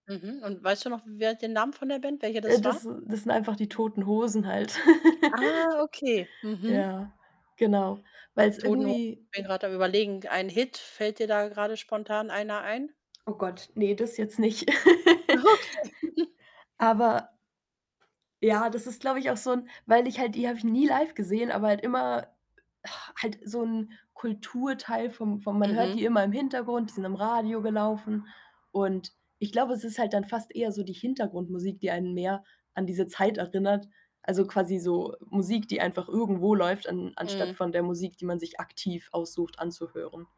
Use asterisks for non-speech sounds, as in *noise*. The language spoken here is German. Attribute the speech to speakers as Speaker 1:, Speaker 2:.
Speaker 1: Mhm. Und weißt du noch, wer den Namen von der Band, welche
Speaker 2: Äh,
Speaker 1: das war?
Speaker 2: das das sind einfach „Die Toten Hosen“ halt. *laughs*
Speaker 1: Ah, okay. Mhm.
Speaker 2: Ja. Genau. Weil's
Speaker 1: „Toten Ho“
Speaker 2: irgendwie
Speaker 1: bin grad am überlegen, ein Hit, fällt dir da grade spontan einer ein?
Speaker 2: Oh Gott, ne, das jetzt nicht.
Speaker 1: Okay. *chuckles*
Speaker 2: *laughs* Aber ja, das ist, glaube ich, auch so 'n weil ich halt die habe ich nie live gesehen, aber halt immer *exhales* halt so 'n Kulturteil vom vom man hört
Speaker 1: Mhm.
Speaker 2: die immer im Hintergrund, die sind im Radio gelaufen und, ich glaube, es ist halt dann fast eher so die Hintergrundmusik, die einen mehr an diese Zeit erinnert. Also, quasi so Musik, die einfach irgendwo läuft, an anstatt
Speaker 1: Mhm.
Speaker 2: von der Musik, die man sich aktiv aussucht anzuhören.